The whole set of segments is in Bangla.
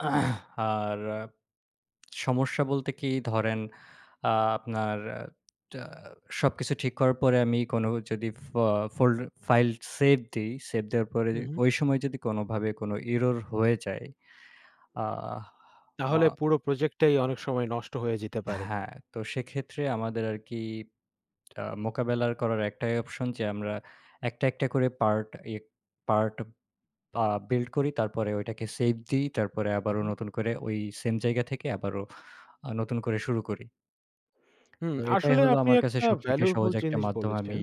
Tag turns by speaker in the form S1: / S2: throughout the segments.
S1: আর আ সমস্যা বলতে কি? ধরেন, আ আপনার অ্যা টা সবকিছু ঠিক করার পরে আমি কোনো যদি ফা fold file save দিই। save দেওয়ার পরে
S2: হুম,
S1: যে
S2: হুম।
S1: ঐ সময় যদি কোনোভাবে কোনো error হয়ে যায়, আ আ
S2: তাহলে পুরো project টাই অনেক সময় নষ্ট হয়ে যেতে পারে।
S1: হ্যাঁ, তো সেক্ষেত্রে আমাদের আরকি আ মোকাবেলার করার একটাই option যে আমরা একটা, একটা করে part ইয়ে part আ build করি, তারপরে ওইটাকে save দিই। তারপরে
S2: হু,
S1: আবারও
S2: হুম।
S1: নতুন করে ওই same জায়গা থেকে আবারও আ নতুন করে শুরু করি।
S2: হুম,
S1: তো এটাই
S2: আসলে
S1: হলো
S2: আপনি
S1: আমার কাছে
S2: একটা
S1: সবথেকে সহজ
S2: valuable
S1: একটা
S2: জিনিস
S1: মাধ্যম আমি
S2: বলেছেন।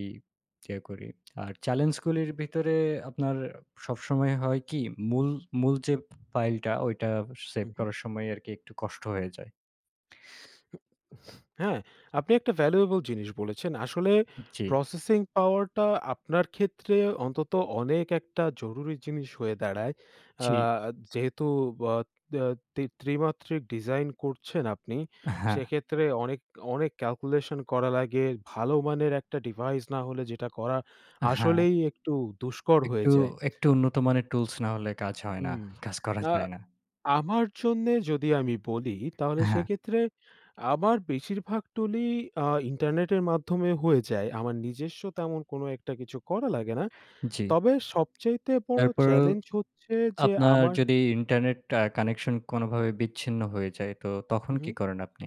S1: ইয়ে করি। আর challenge গুলির ভিতরে আপনার সবসময় হয় কি? মূল মূল যে file টা ওইটা save
S2: হুম, হুম।
S1: করার সময়ই আরকি একটু কষ্ট হয়ে যায়।
S2: হু উ হ্যাঁ, আপনি একটা valuable জিনিস বলেছেন। আসলে
S1: জি।
S2: processing power টা আপনার ক্ষেত্রে অন্তত অনেক একটা জরুরি জিনিস হয়ে দাঁড়ায়। আ
S1: জি।
S2: যেহেতু ব আ ত্রি ত্রিমাত্রিক design করছেন আপনি,
S1: অ্যা হ্যাঁ।
S2: সেক্ষেত্রে অনেক অনেক calculation করা লাগে। ভালো মানের একটা device না হলে যেটা করা
S1: অ্যা হ্যাঁ।
S2: আসলেই একটু দুষ্কর হয়ে
S1: একটু
S2: যায়।
S1: একটু উন্নত মানের tools না হলে কাজ হয় না,
S2: উম
S1: কাজ করা
S2: আ
S1: যায় না।
S2: আমার জন্যে যদি আমি বলি তাহলে
S1: হ্যাঁ।
S2: সেক্ষেত্রে আমার বেশিরভাগ টুলই আ internet এর মাধ্যমে হয়ে যায়। আমার নিজস্ব তেমন কোনো একটা কিছু করা লাগে না।
S1: জি।
S2: তবে সবচাইতে বড়
S1: তারপরও
S2: challenge হচ্ছে যে
S1: আপনার
S2: আমার
S1: যদি ইন্টারনেটটা connection কোনোভাবে বিচ্ছিন্ন হয়ে যায়, তো তখন
S2: হু,
S1: কি
S2: হু।
S1: করেন আপনি?